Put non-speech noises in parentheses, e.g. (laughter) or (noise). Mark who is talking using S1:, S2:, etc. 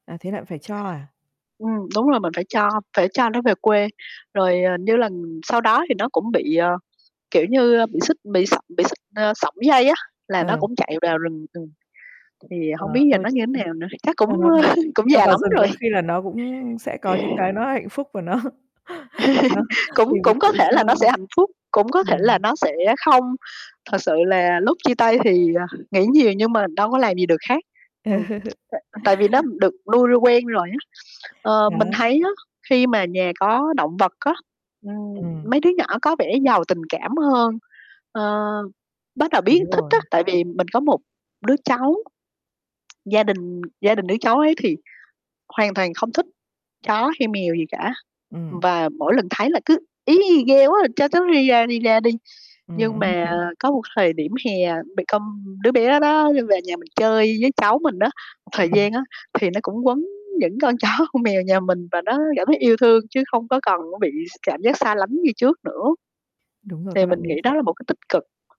S1: À, thế lại phải cho à?
S2: Ừm, đúng rồi mình phải cho phải cho nó về quê. Rồi, ờ, như lần sau đó thì nó cũng bị, ờ, kiểu như, ơ, bị xích, bị sổng bị xích, ơ, sổng dây á, là nó
S1: Ờ.
S2: cũng chạy vào rừng, ừm. Thì
S1: Ờ,
S2: hông biết giờ
S1: thôi
S2: nó
S1: được
S2: như
S1: đi.
S2: nào nữa, chắc cũng,
S1: Cho nó v
S2: ơ, cũng
S1: cho
S2: già
S1: vào
S2: lắm
S1: rừng có
S2: rồi.
S1: khi là nó cũng sẽ có những cái nó hạnh phúc và nó (chuckles) nó
S2: (laughs) Cũng
S1: tìm được
S2: cũng
S1: tự
S2: có thể
S1: do.
S2: là nó sẽ hạnh phúc, cũng có thể là
S1: Ừm.
S2: nó sẽ không. Thật sự là lúc chia tay thì, ờ, nghĩ nhiều nhưng mà đâu có làm gì được khác, ừm,
S1: Ờ.
S2: tại tại vì nó được nuôi- nuôi quen rồi á. Ờ, mình
S1: Đó.
S2: thấy á, khi mà nhà có động vật á, ừm,
S1: Ừm.
S2: mấy đứa nhỏ có vẻ giàu tình cảm hơn, ơ, bắt đầu biết
S1: Đúng
S2: thích á.
S1: rồi.
S2: Tại vì mình có một đứa cháu, gia đình gia đình đứa cháu ấy thì hoàn toàn không thích chó hay mèo gì cả,
S1: Ừm.
S2: và mỗi lần thấy là cứ: "Í i, ghê quá! Cho chó đi ra, đi ra đi." Nhưng
S1: Ừm.
S2: mà
S1: (chuckles)
S2: có một thời điểm hè bị câm đứa bé đó đi về nhà mình chơi với cháu mình á, một thời
S1: Ừm.
S2: gian á, thì nó cũng quấn những con chó, con mèo nhà mình và nó cảm thấy yêu thương, chứ không có còn, á, bị ch cảm giác xa lánh như trước nữa,
S1: Đúng rồi,
S2: thì
S1: các bạn
S2: mình nghĩ
S1: ấy sẽ
S2: đó là một cái tích cực.